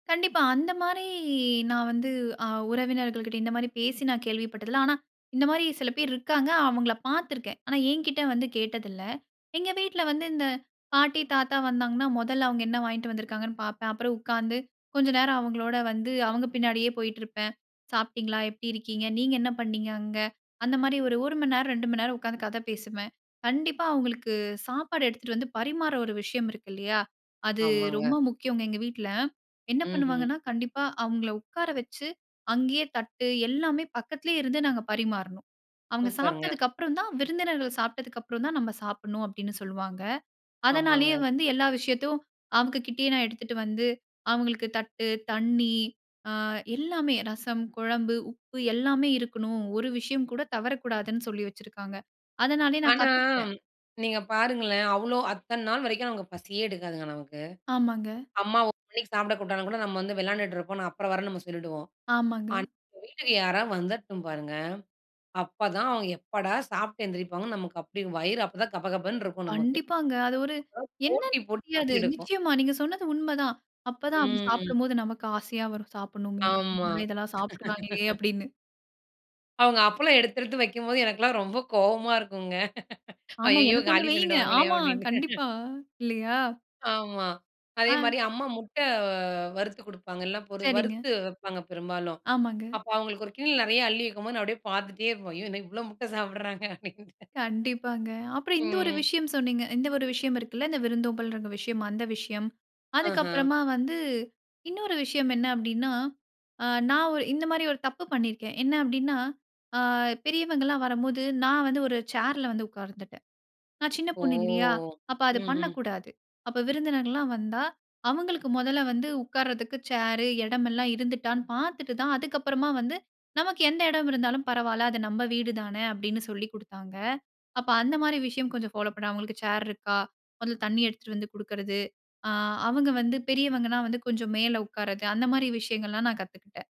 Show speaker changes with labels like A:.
A: கண்டிப்பா. அந்த மாரி நான் வந்து அ உறவினர்கள் கிட்ட இந்த மாரி பேசி நான் கேள்விப்பட்டதில்ல. ஆனா இந்த மாரி சில பேர் இருக்காங்க அவங்கள பாத்துருக்கேன். ஆனா என்கிட்ட வந்து கேட்டதில்ல. எங்க வீட்டுல வந்து இந்த பாட்டி தாத்தா வந்தாங்கன்னா முதல்ல அவங்க என்ன வாங்கிட்டு வந்திருக்காங்கன்னு பாப்பேன். அப்புறம் உக்காந்து கொஞ்ச நேரம் அவங்களோட வந்து அவங்க பின்னாடியே போயிட்டு இருப்பேன். சாப்பிட்டீங்களா? எப்படி இருக்கீங்க? நீங்க என்ன பண்ணீங்க. அங்க அந்த மாரி ஒரு 1 மணி நேரம் 2 மணி நேரம் உக்காந்து கதை பேசுவேன். கண்டிப்பா அவங்களுக்கு சாப்பாடு எடுத்துட்டு வந்து பரிமாற ஒரு விஷயம் இருக்கு இல்லையா, அது
B: ஆமாங்க.
A: ரொம்ப முக்கியங்க. எங்க வீட்டுல என்ன
B: ம்ஹ்ம்.
A: பண்ணுவாங்கன்னா கண்டிப்பா அவங்கள உக்கார வச்சு அங்கேயே தட்டு எல்லாமே பக்கத்திலேயே இருந்து நாங்க பரிமாறணும். அவங்க
B: சூப்பருங்க.
A: சாப்பிட்டதுக்கு அப்புறம் தான் விருந்தினர்கள் சாப்பிட்டதுக்கு அப்புறம் தான் நம்ம சாப்பிடனும் அப்படின்னு சொல்லுவாங்க. அதனாலேயே
B: ஆமாங்க.
A: வந்து எல்லா விஷயத்தையும் அவங்க கிட்டயே நான் எடுத்துட்டு வந்து அவங்களுக்கு தட்டு, தண்ணீ அ எல்லாமே அ ரசம், கொழம்பு, உப்பு எல்லாமே இருக்கணும். ஒரு விஷயம் கூட தவறக்கூடாதுன்னு சொல்லி வச்சுருக்காங்க. அதனாலயே நான்
B: ஆனா
A: கத்துகிட்டேன்.
B: நீங்க பாருங்களேன். அவ்ளோ அத்தன நாள் வரைக்கும் நமக்கு பசியே எடுக்காதுங்க நமக்கு.
A: ஆமாங்க.
B: அம்மா 1 மணிக்கு சாப்பிட கூப்புட்டா கூட நாம வந்து விளையாடிட்டு இருப்போம் அப்புறம் வரேன்னு சொல்லிடுவோம்.
A: ஆமாங்க.
B: ஆனா, வீட்டுக்கு யாராவது வந்துறட்டும் பாருங்க. அப்பதான் அவங்க எப்படா சாப்ட்டு எழுந்திரிப்பாங்கன்னு நமக்கு அப்டி வயிறு அப்பதான் கபகபன்னு இருக்கும் நமக்கு.
A: கண்டிப்பாங்க. அது ஒரு என்னன்னு
B: போட்டி போட்டு
A: தெரியாது.
B: பசி எடுக்கும்
A: நிச்சயமா. நீங்க சொன்னது உண்மை தான். அப்பதான் அவங்க
B: ம்.
A: சாப்பிடும்போது நமக்கு ஆசையா வரும் சாப்பிடனும்.
B: ஆமா.
A: இதெல்லாம் சாப்பிடுகிறாங்களே அப்படின்னு.
B: அவங்க அப்பளம் எடுத்தெடுத்து வைக்கும்போது, எனக்கெல்லாம் ரொம்ப கோவமா இருக்குங்க,
A: ஆமா.
B: அய்யயோ
A: எனக்கு ஒண்ணு
B: காலி
A: வைங்க.
B: பண்ணிருவாங்களே
A: ஆமா.
B: அப்படின்னு.
A: கண்டிப்பா. இல்லையா?
B: ஆமா.
A: ஆ.
B: அதேமாரி அம்மா முட்ட அ வறுத்து கொடுப்பாங்கல்ல, பொரு
A: சரிங்க.
B: வறுத்து வைப்பாங்க பெரும்பாலும்,
A: ஆமாங்க.
B: அப்ப அவங்களுக்கு ஒரு கிண்ணத்துல நிறைய அள்ளி வைக்கும்போது நான் அப்படியே பாத்துட்டே இருப்பேன், "ஐயோ என்ன இவ்ளோ முட்ட சாப்பிடுறாங்க" அப்படின்ட்டு.
A: கண்டிப்பாங்க. அப்புறம் இந்த ஒரு
B: ம்.
A: விஷயம் சொன்னீங்க. இந்த ஒரு விஷயம் இருக்குல்ல இந்த விருந்தோம்பலுன்ற விஷயம். அந்த விஷயம். அதுக்கு
B: ஆஹா.
A: அப்புறமா வந்து இன்னொரு விஷயம் என்ன அப்டின்னா, ஆ நான் ஒ இந்த மாரி ஒரு தப்பு பண்ணியிருக்கேன். என்ன அப்டின்னா ஆ பெரியவங்கல்லாம் வரம்போது நான் வந்து ஒரு சேர்ல வந்து உக்கார்ந்துட்டேன். நான் சின்ன
B: ஓ!
A: பொண்ணுல்லையா? அப்ப அத
B: ம்ஹ்ம்.
A: பண்ணக்கூடாது. அப்ப விருந்தினர்கள்லாம் வந்தா அவங்களுக்கு முதல்ல வந்து உக்காரதற்கு சேரு, எடம் எல்லாம் இருந்துட்டான்னு பாத்துட்டு தான் அதுக்கு அப்புறமா வந்து நமக்கு எந்த எடம் இருந்தாலும் பரவாயில்ல அது நம்ம வீடுதான அப்படின்னு சொல்லிக் குடுத்தாங்க. அப்ப அந்த மாரி விஷயம் கொஞ்சம் ஃபாலோ பண்ண அவங்களுக்கு சேர் இருக்கா? அதில தண்ணீ எடுத்துட்டு வந்து குடுக்கிறது அ அவங்க வந்து பெரியவங்கனா வந்து கொஞ்சம் மேலே உக்காரது அந்த மாரி விஷயங்கள்லாம் நான் கத்துக்கிட்டேன்.